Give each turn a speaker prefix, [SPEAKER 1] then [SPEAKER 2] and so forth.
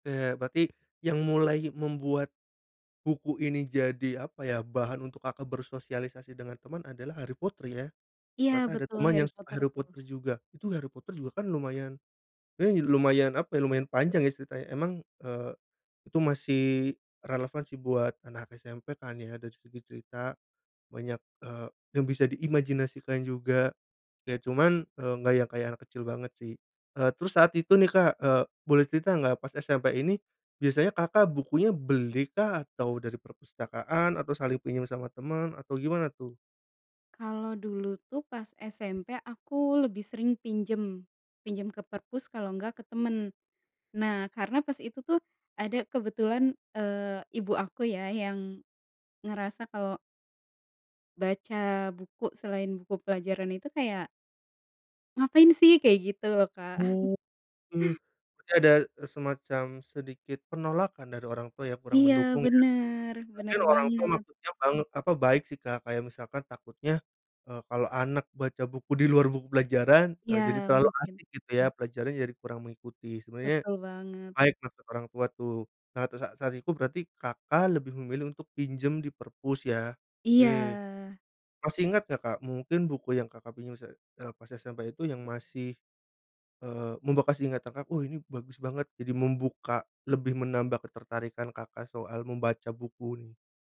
[SPEAKER 1] Oke, berarti, yang mulai membuat, buku ini jadi apa ya, bahan untuk Kakak bersosialisasi dengan teman adalah Harry Potter ya?
[SPEAKER 2] Iya
[SPEAKER 1] Ternyata ada
[SPEAKER 2] betul,
[SPEAKER 1] teman
[SPEAKER 2] Harry
[SPEAKER 1] yang suka
[SPEAKER 2] Potter
[SPEAKER 1] Harry
[SPEAKER 2] tuh.
[SPEAKER 1] Potter juga. Itu Harry Potter juga kan lumayan, wey, lumayan apa ya, lumayan panjang ya ceritanya. Emang, eee, itu masih, relevan sih buat anak SMP kan ya, dari segi cerita, banyak, eee, yang bisa diimajinasikan juga. Ya cuman, eee, nggak yang kayak anak kecil banget sih. Eee, terus saat itu nih, Kak, eee, boleh cerita nggak, pas SMP ini, biasanya Kakak bukunya beli kah? Atau dari perpustakaan, atau saling pinjam sama teman, atau gimana tuh?
[SPEAKER 2] Kalau dulu tuh, pas SMP aku lebih sering pinjam, pinjam ke perpus kalau enggak ke teman. Nah, karena pas itu tuh, ada, kebetulan, eee, ibu aku ya, yang, ngerasa kalau baca buku, selain buku pelajaran itu kayak ngapain sih? Kayak gitu loh, Kak.
[SPEAKER 1] Oke, berarti ada, semacam sedikit penolakan dari orang tua ya, kurang
[SPEAKER 2] Iya
[SPEAKER 1] mendukung ya.
[SPEAKER 2] benar benar
[SPEAKER 1] Mungkin orang tua
[SPEAKER 2] banget.
[SPEAKER 1] maksudnya banget apa, baik sih, Kak, kayak misalkan takutnya, eee, kalau anak baca buku di luar buku pelajaran, eee, jadi
[SPEAKER 2] Ya,
[SPEAKER 1] terlalu
[SPEAKER 2] mungkin.
[SPEAKER 1] asik gitu ya, pelajarannya jadi kurang mengikuti. Sebenarnya,
[SPEAKER 2] Betul banget.
[SPEAKER 1] baik maksud orang tua tuh. Nah, terus sa saat itu, berarti Kakak lebih memilih untuk pinjam di perpus ya, oke.
[SPEAKER 2] Iya.
[SPEAKER 1] Masih ingat nggak, Kak, mungkin buku yang Kakak pinjam, sa eee, pas SMP itu, yang masih, eee, membekas di ingatan, Kak, "Oh ini, bagus banget!" Jadi membuka, lebih menambah ketertarikan Kakak soal membaca buku nih?